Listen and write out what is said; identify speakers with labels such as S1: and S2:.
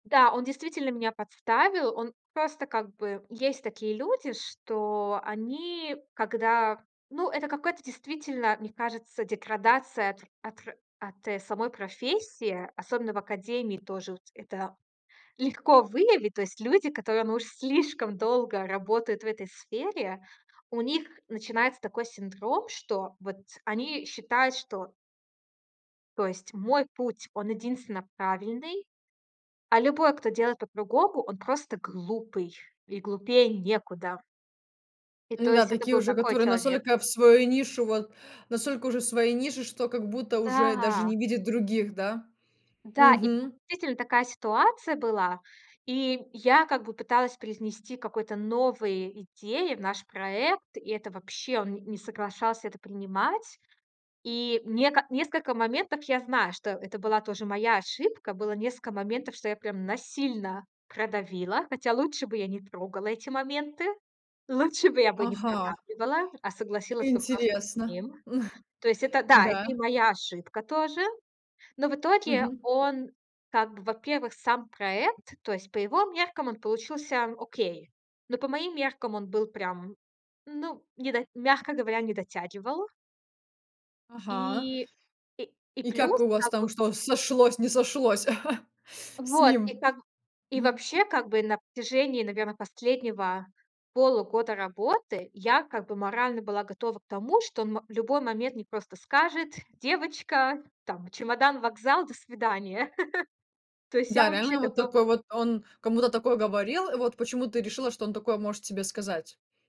S1: Да, он действительно меня подставил. Он просто как бы Есть такие люди, что они, когда Ну, это какая-то действительно, мне кажется, деградация от р от р от, э, самой профессии, особенно в академии тоже. Вот это легко выявить. То есть люди, которые, ну, уж слишком долго работают в этой сфере, у них начинается такой синдром, что вот они считают, что То есть мой путь, он единственно правильный. А любой, кто делает по-другому, он просто глупый. И глупее некуда. И
S2: Ну
S1: то
S2: да,
S1: есть это
S2: такие
S1: был
S2: уже,
S1: такой
S2: которые
S1: человек.
S2: настолько в свою нишу, вот настолько уже в своей нише, что как будто уже даже
S1: Да.
S2: не видят других, да?
S1: Да. И
S2: Мгм.
S1: действительно такая ситуация была. И я как бы пыталась привнести какой-то новые идеи в наш проект. И это вообще, он не не соглашался это принимать. И нека несколько моментов я знаю, что это была тоже моя ошибка. Было несколько моментов, что я прям насильно продавила. Хотя лучше бы я не трогала эти моменты. Лучше бы я бы не
S2: Ага.
S1: продавливала, а согласилась бы просто с
S2: Интересно.
S1: ним. То есть это да, это
S2: Да.
S1: и моя ошибка тоже. Но в итоге
S2: Мгм.
S1: он как бы, во-первых, сам проект, то есть по его меркам он получился окей. Но по моим меркам он был прям, ну, не до мягко говоря, не дотягивал.
S2: Ага.
S1: И и и
S2: И как
S1: плюс
S2: у вас
S1: как
S2: там
S1: вот
S2: что, сошлось, не сошлось с
S1: Вот. И
S2: ним?
S1: там И
S2: Мгм.
S1: вообще, как бы, на протяжении, наверное, последнего полугода работы я, как бы, морально была готова к тому, что мо в любой момент мне просто скажет: "Девочка, там чемодан, вокзал, до свидания". То есть я
S2: Да,
S1: вообще
S2: реально, вот
S1: готова
S2: такой вот он кому-то такое говорил. Вот почему ты решила, что он такое может тебе сказать?